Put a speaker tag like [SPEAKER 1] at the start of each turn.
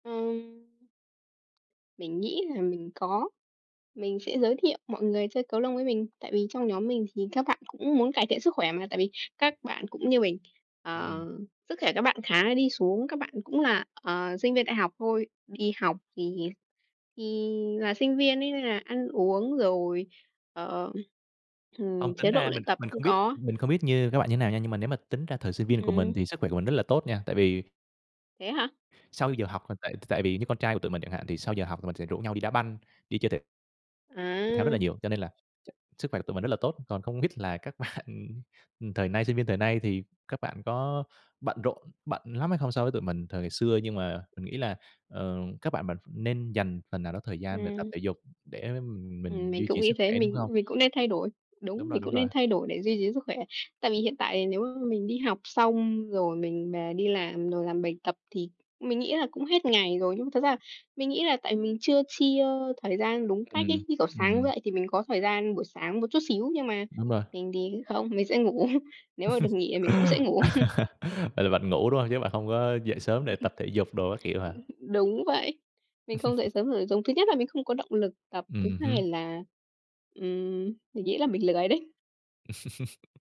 [SPEAKER 1] Ừm. Mình nghĩ là mình có, mình sẽ giới thiệu mọi người chơi cầu lông với mình. Tại vì trong nhóm mình thì các bạn cũng muốn cải thiện sức khỏe mà, tại vì các bạn cũng như mình,
[SPEAKER 2] Ừm.
[SPEAKER 1] ờ, sức khỏe các bạn khá là đi xuống, các bạn cũng là, ờ, sinh viên đại học thôi, đi học thì thì là sinh viên ấy nên là ăn uống rồi, ờ,
[SPEAKER 2] Không,
[SPEAKER 1] ừm,
[SPEAKER 2] tính
[SPEAKER 1] chế độ
[SPEAKER 2] ra mình
[SPEAKER 1] luyện
[SPEAKER 2] kh
[SPEAKER 1] tập
[SPEAKER 2] mình
[SPEAKER 1] không
[SPEAKER 2] không biết
[SPEAKER 1] có.
[SPEAKER 2] mình không biết như các bạn như nào nha, nhưng mà nếu mà tính ra thời sinh viên của mình
[SPEAKER 1] Ừm.
[SPEAKER 2] thì sức khỏe của mình rất là tốt nha, tại vì
[SPEAKER 1] Thế hả?
[SPEAKER 2] Sau giờ học tại tại vì như con trai của tụi mình chẳng hạn thì sau giờ học mình sẽ rủ nhau đi đá banh, đi chơi thể thể thao rất là
[SPEAKER 1] À.
[SPEAKER 2] nhiều, cho nên là ch sức khỏe của tụi mình rất là tốt, còn không biết là các bạn thời nay sinh viên thời nay thì các bạn có bận rộn bận lắm hay không so với tụi mình thời ngày xưa nhưng mà mình nghĩ là, ờ, các bạn mà nên dành phần nào đó thời gian để tập
[SPEAKER 1] Ừm.
[SPEAKER 2] thể dục để
[SPEAKER 1] Ừm,
[SPEAKER 2] mình
[SPEAKER 1] mình
[SPEAKER 2] duy
[SPEAKER 1] cũng
[SPEAKER 2] trì
[SPEAKER 1] nghĩ
[SPEAKER 2] sức
[SPEAKER 1] thế,
[SPEAKER 2] khỏe, đúng
[SPEAKER 1] mình
[SPEAKER 2] hông?
[SPEAKER 1] mình cũng nên thay đổi.
[SPEAKER 2] Đúng
[SPEAKER 1] Đúng,
[SPEAKER 2] rồi,
[SPEAKER 1] mình
[SPEAKER 2] đúng
[SPEAKER 1] cũng
[SPEAKER 2] rồi.
[SPEAKER 1] nên thay đổi để duy trì sức khỏe. Tại vì hiện tại nếu mà mình đi học xong, rồi mình về đi làm, rồi làm bài tập thì mình nghĩ là cũng hết ngày rồi, nhưng mà thật ra mình nghĩ là tại mình chưa chia thời gian đúng cách
[SPEAKER 2] Ừm,
[SPEAKER 1] ấy. Như kiểu, sáng
[SPEAKER 2] ừm.
[SPEAKER 1] dậy thì mình có thời gian buổi sáng một chút xíu nhưng mà
[SPEAKER 2] Đúng rồi.
[SPEAKER 1] mình thì không, mình sẽ ngủ. Nếu mà được nghỉ thì mình cũng sẽ ngủ.
[SPEAKER 2] Vậy là bạn ngủ đúng hông, chứ bạn không có dậy sớm để
[SPEAKER 1] Ừ, ừ.
[SPEAKER 2] tập thể dục đồ các kiểu hả?
[SPEAKER 1] Ư, đúng vậy. Mình không dậy sớm được, giống thứ nhất là mình không có động lực tập, thứ
[SPEAKER 2] Ừm hưm.
[SPEAKER 1] hai là, ừm, mình nghĩ là mình lười đấy.